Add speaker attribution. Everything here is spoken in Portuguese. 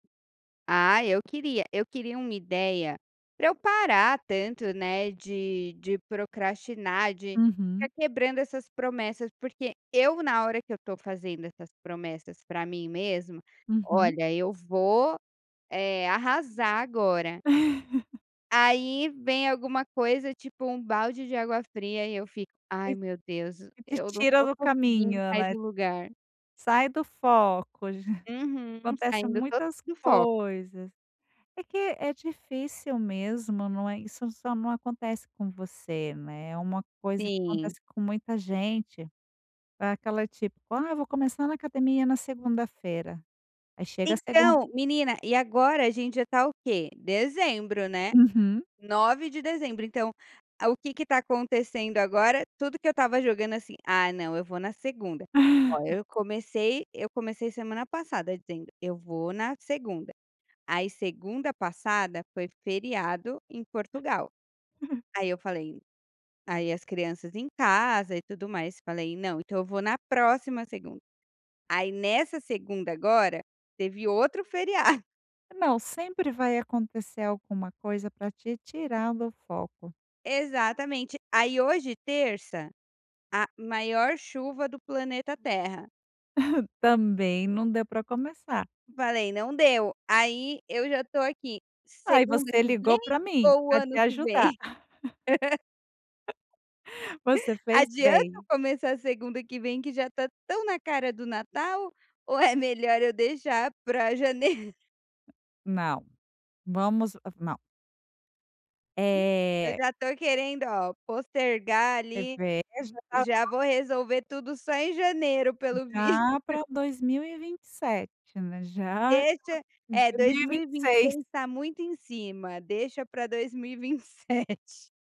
Speaker 1: Ah, eu queria eu queria uma ideia, para eu parar tanto, né, de de procrastinar, de estar
Speaker 2: Uhum.
Speaker 1: quebrando essas promessas, porque eu na hora que eu estou fazendo essas promessas para mim mesma,
Speaker 2: Uhum.
Speaker 1: "Olha eu vou, eh, arrasar agora". Aí vem alguma coisa, tipo, um balde de água fria, e eu fico:
Speaker 2: E,
Speaker 1: "Ai meu Deus,
Speaker 2: e te
Speaker 1: eu não
Speaker 2: tira
Speaker 1: tô
Speaker 2: do
Speaker 1: conseguindo
Speaker 2: caminho
Speaker 1: sair
Speaker 2: né?
Speaker 1: do lugar".
Speaker 2: Sai do foco,
Speaker 1: Uhum,
Speaker 2: acontece
Speaker 1: saindo total
Speaker 2: muitas
Speaker 1: do foco.
Speaker 2: coisas. É que é difícil, mesmo, não é isso só não acontece com você, né, é uma coisa que
Speaker 1: Sim.
Speaker 2: acontece com muita gente, para aquela, tipo, "Ah vou começar na academia na segunda-feira", aí chega a segunda
Speaker 1: Então, menina e agora a gente já está o quê? Dezembro né,
Speaker 2: Uhum.
Speaker 1: 9 de dezembro, então, o que que está acontecendo, agora tudo que eu estava jogando, assim, "Ah não, eu vou na segunda", olha, eu comecei eu comecei semana passada dizendo, "Eu vou na segunda", aí segunda passada foi feriado em Portugal. Aí eu falei, aí as crianças em casa e tudo mais, falei: "Não, então, eu vou na próxima segunda", aí nessa segunda agora teve outro feriado.
Speaker 2: Não, sempre vai acontecer alguma coisa, para te tirar do foco.
Speaker 1: Exatamente, aí hoje terça, a maior chuva do planeta Terra.
Speaker 2: Também não deu para começar.
Speaker 1: Falei: "Não deu", aí eu já estou aqui,
Speaker 2: Aí
Speaker 1: segunda
Speaker 2: você
Speaker 1: que vem
Speaker 2: ligou para mim,
Speaker 1: ou o
Speaker 2: para te
Speaker 1: ano que
Speaker 2: ajudar.
Speaker 1: vem?
Speaker 2: Você fez
Speaker 1: Adianta eu
Speaker 2: bem.
Speaker 1: começar segunda que vem, que já está tão na cara do Natal ou é melhor eu deixar para janeiro?
Speaker 2: Não, vamos, hã, não.
Speaker 1: [unintelligible] Eu
Speaker 2: É.
Speaker 1: já estou querendo ó postergar ali,
Speaker 2: Reveja.
Speaker 1: já
Speaker 2: [unintelligible]
Speaker 1: vou resolver tudo, só em janeiro pelo visto.
Speaker 2: Já para 2027, né. Já
Speaker 1: Deixa,
Speaker 2: [unintelligible] dois
Speaker 1: é dois
Speaker 2: mil e
Speaker 1: mil
Speaker 2: vinte
Speaker 1: e
Speaker 2: e
Speaker 1: vinte seis
Speaker 2: seis.
Speaker 1: está muito em cima, deixa para 2027.